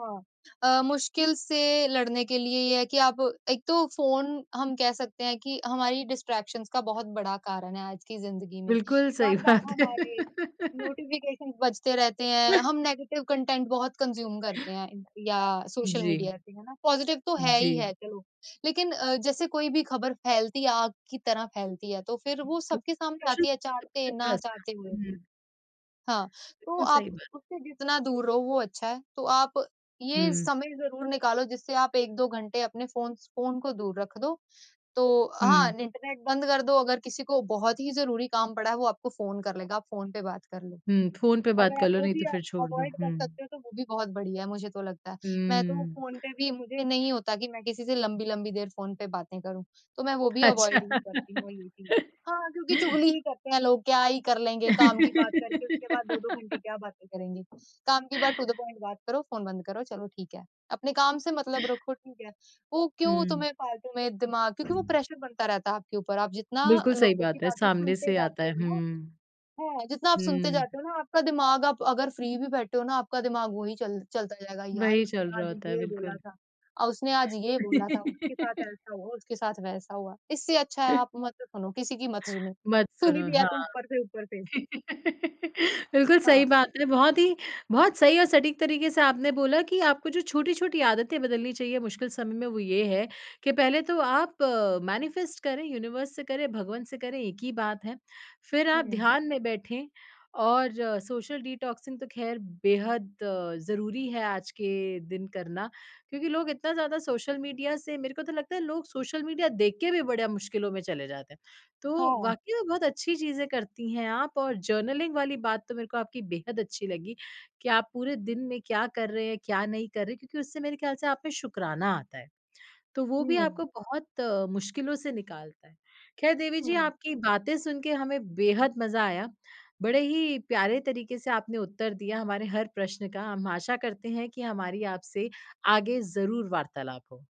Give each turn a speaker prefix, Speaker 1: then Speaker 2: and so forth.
Speaker 1: हाँ। अ, मुश्किल से लड़ने के लिए ये है कि आप एक तो फ़ोन हम कह सकते हैं कि हमारी डिस्ट्रैक्शंस का बहुत बड़ा कारण है, आज की जिंदगी में।
Speaker 2: बिल्कुल सही
Speaker 1: बार-बार
Speaker 2: बात है।
Speaker 1: हमारे नोटिफ़िकेशंस बजते रहते हैं, हम नेगेटिव कंटेंट बहुत कंज्यूम करते हैं इन या सोशल
Speaker 2: जी।
Speaker 1: मीडिया पे है ना? पॉज़िटिव तो है
Speaker 2: जी।
Speaker 1: ही है चलो, लेकिन जैसे कोई भी ख़बर फैलती है आग की तरह फैलती है, तो फिर वो सबके सामने आती है
Speaker 2: [unintelligible]
Speaker 1: चाहते,
Speaker 2: सबके
Speaker 1: ना
Speaker 2: पास
Speaker 1: चाहते
Speaker 2: है।
Speaker 1: हुए
Speaker 2: हुँ।
Speaker 1: भी। हाँ, तो
Speaker 2: बिल्कुल
Speaker 1: आप
Speaker 2: सही बात।
Speaker 1: उससे जितना दूर रहो वो अच्छा है। तो आप ये
Speaker 2: हुँ।
Speaker 1: समय ज़रूर निकालो जिससे आप 1-2 घंटे अपने फ़ोन स फ़ोन को दूर रख दो। तो हाँ,
Speaker 2: हुँ।
Speaker 1: इंटरनेट बंद कर दो अगर किसी को बहुत ही ज़रूरी काम पड़ा है, वो आपको फ़ोन कर लेगा, आप फ़ोन पे बात कर लो।
Speaker 2: हुँ, फ़ोन पे बात
Speaker 1: अगर
Speaker 2: कर
Speaker 1: आप
Speaker 2: लो
Speaker 1: वो
Speaker 2: नहीं
Speaker 1: भी
Speaker 2: तो
Speaker 1: अ,
Speaker 2: फिर छोड़ दो।
Speaker 1: अवॉइड कर
Speaker 2: हुँ।
Speaker 1: सकते हो, तो वो भी बहुत बढ़िया मुझे तो लगता है। मैं तो
Speaker 2: हुँ।
Speaker 1: फ़ोन पे भी मुझे नहीं होता कि मैं किसी से लम्बी-लम्बी देर फ़ोन पे बातें करूँ, तो मैं वो भी
Speaker 2: अच्छा।
Speaker 1: अवॉइड ही करती हूँ ये चीज़। हाँ क्योंकि चुगली ही करते हैं लोग, क्या ही कर लेंगे काम की बात करके उसके बाद 2-2 घंटे क्या बातें करेंगे। काम की बात टू द पॉइंट बात करो, फ़ोन बंद करो चलो ठीक है। अपने काम से मतलब रखो ठीक है। वो क्यों
Speaker 2: हुँ।
Speaker 1: तुम्हे फालतू में दिमाग क्योंकि वो प्रेशर बनता रहता है, आपके ऊपर आप जितना
Speaker 2: बिल्कुल सही
Speaker 1: लोगों की
Speaker 2: बात है,
Speaker 1: बातें
Speaker 2: सामने
Speaker 1: सुनते
Speaker 2: से आता
Speaker 1: जाते
Speaker 2: है,
Speaker 1: हो ना,
Speaker 2: हुँ।
Speaker 1: हाँ, जितना आप सुनते जाते
Speaker 2: हुँ।
Speaker 1: हो ना आपका दिमाग आप अगर फ्री भी बैठे हो ना आपका दिमाग वही चल चलता जाएगा यार
Speaker 2: वही
Speaker 1: उसने
Speaker 2: चल रहा
Speaker 1: आज
Speaker 2: होता है,
Speaker 1: ये बोला
Speaker 2: बिल्कुल।
Speaker 1: था अ, उसने आज ये बोला था, उसके साथ ऐसा हुआ उसके साथ वैसा हुआ, इससे अच्छा है आप मत सुनो किसी की मत सुनो।
Speaker 2: मत
Speaker 1: सुनी
Speaker 2: सुनो
Speaker 1: भी है
Speaker 2: हाँ।
Speaker 1: तो ऊपर से ऊपर से।
Speaker 2: बिल्कुल
Speaker 1: हाँ।
Speaker 2: सही बात है, बहुत ही बहुत सही और सटीक तरीके से आपने बोला कि आपको जो छोटी-छोटी आदतें बदलनी चाहिए मुश्किल समय में, वो ये है कि पहले तो आप अ, मैनिफ़ेस्ट करें, यूनिवर्स से करें, भगवन से करें, एक ही बात है। फिर आप
Speaker 1: हुँ।
Speaker 2: ध्यान में बैठे और सोशल डिटॉक्सिंग तो खैर बेहद अ, ज़रूरी है आज के दिन करना, क्योंकि लोग इतना ज़्यादा सोशल मीडिया से मेरे को तो लगता है लोग सोशल मीडिया देख के भी बड़े मुश्किलों में चले जाते हैं। तो
Speaker 1: हाँ।
Speaker 2: वाक़ई में बहुत अच्छी चीज़ें करती हैं आप और जर्नलिंग वाली बात तो मेरे को आपकी बेहद अच्छी लगी कि आप पूरे दिन में क्या कर रहे हैं, क्या नहीं कर रहे हैं, क्योंकि उससे मेरे ख्याल से आप में शुकराना आता है, तो वो भी
Speaker 1: हुँ।
Speaker 2: आपको बहुत मुश्किलों से निकालता है। ख़ैर देवी जी
Speaker 1: हुँ।
Speaker 2: आपकी बातें सुन के हमें बेहद मज़ा आया। बड़े ही प्यारे तरीके से आपने उत्तर दिया, हमारे हर प्रश्न का, हम आशा करते हैं कि हमारी आपसे आगे ज़रूर वार्तालाप हो।